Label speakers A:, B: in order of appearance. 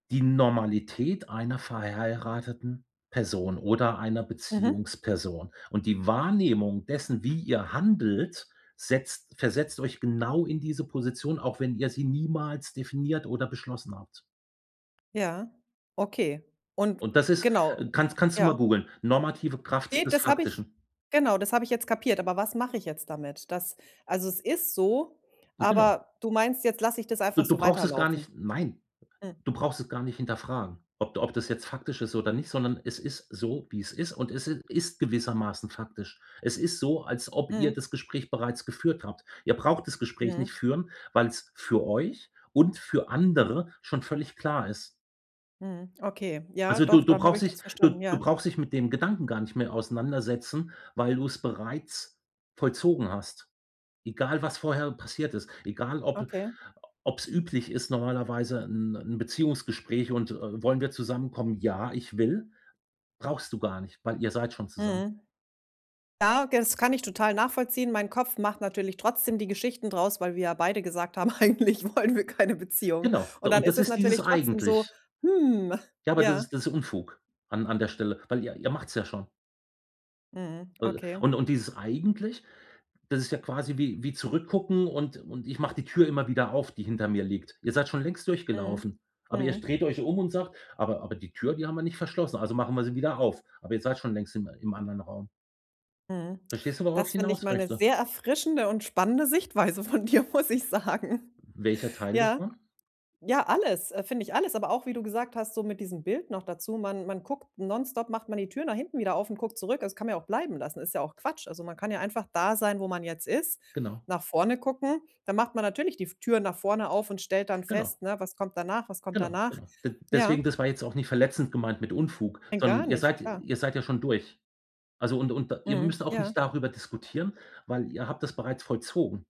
A: Die Normalität einer verheirateten Person oder einer
B: Mhm.
A: Beziehungsperson. Und die Wahrnehmung dessen, wie ihr handelt, setzt versetzt euch genau in diese Position, auch wenn ihr sie niemals definiert oder beschlossen habt.
B: Ja, okay. Und,
A: Und
B: w
A: das ist
B: genau,
A: äh, kannst kannst du
B: ja.
A: mal googeln: „Normative
B: Ne,
A: Kraft des
B: das habe ich
A: Faktischen“.
B: genau, das habe ich jetzt kapiert. Aber was mache ich jetzt damit? Das also, es ist so,
A: Genau.
B: aber du meinst, jetzt lasse ich das einfach
A: Du, du
B: so
A: brauchst es gar nicht
B: weiterlaufen.
A: Nein.
B: Hm.
A: Du brauchst es gar nicht hinterfragen, ob ob das jetzt faktisch ist oder nicht, sondern es ist so, wie es ist und es i ist gewissermaßen faktisch. Es ist so, als ob ihr
B: Mhm.
A: das Gespräch bereits geführt habt. Ihr braucht das Gespräch
B: Mhm.
A: nicht führen, weil es für euch und für andere schon völlig klar ist.
B: Mhm. Okay, ja
A: Also, du
B: doch,
A: du
B: dann habe
A: brauchst
B: ich
A: dich
B: das
A: du
B: verstanden,
A: du
B: ja.
A: brauchst dich mit dem Gedanken gar nicht mehr auseinandersetzen, weil du es bereits vollzogen hast, egal was vorher passiert ist, egal ob
B: Okay.
A: ob es üblich ist normalerweise 'n 'n Beziehungsgespräch und äh, „Wollen wir zusammenkommen?“ „Ja, ich will.“ Brauchst du gar nicht, weil ihr seid schon zusammen.
B: Mhm. Ja, g das kann ich total nachvollziehen. Mein Kopf macht natürlich trotzdem die Geschichten draus, weil wir ja beide gesagt haben: „Eigentlich wollen wir keine Beziehung.“
A: Genau, d
B: Und dann
A: und
B: ist
A: das
B: es
A: ist dieses
B: natürlich trotzdem so:
A: „eigentlich“.
B: „Hm.“
A: Ja, aber das
B: Ja.
A: ist das ist Unfug, an an der Stelle, weil ihr ihr macht es ja schon.
B: Mhm.
A: Äh,
B: Okay.
A: und und dieses „eigentlich“, das ist ja quasi wie wie zurückgucken und und: „Ich mache die Tür immer wieder auf, die hinter mir liegt.“ Ihr seid schon längst
B: Mhm.
A: durchgelaufen, aber ihr
B: Mhm.
A: dreht euch um und sagt: „Aber aber die Tür, die haben wir nicht verschlossen, also machen wir sie wieder auf.“ Aber ihr seid schon längst im im anderen Raum.
B: Mhm.
A: Verstehst du, worauf
B: Das
A: ich
B: finde ich
A: hinaus
B: mal 'ne
A: möchte?
B: sehr erfrischende und spannende Sichtweise von dir, muss ich sagen.
A: Welcher Teil
B: Ja.
A: davon?
B: Ja, alles, äh, finde ich alles, aber auch, wie du gesagt hast, so mit diesem Bild noch dazu. Man man guckt nonstop macht man die Tür nach hinten wieder auf und guckt zurück. Das kann man ja auch bleiben lassen, ist ja auch Quatsch. Also, man kann ja einfach da sein, wo man jetzt ist,
A: Genau.
B: nach vorne gucken. Da macht man natürlich die v Tür nach vorne auf und stellt dann
A: Genau.
B: fest, ne? „Was kommt danach, was kommt
A: Genau,
B: danach?“
A: genau. D
B: Ja.
A: deswegen, das war jetzt auch nicht verletzend gemeint mit „Unfug“,
B: Nein,
A: sondern
B: gar
A: ihr
B: nicht,
A: seid
B: klar.
A: ihr seid ja schon durch. Also, und und ihr
B: Mhm,
A: müsst auch
B: ja.
A: nicht darüber diskutieren, weil ihr habt das bereits vollzogen.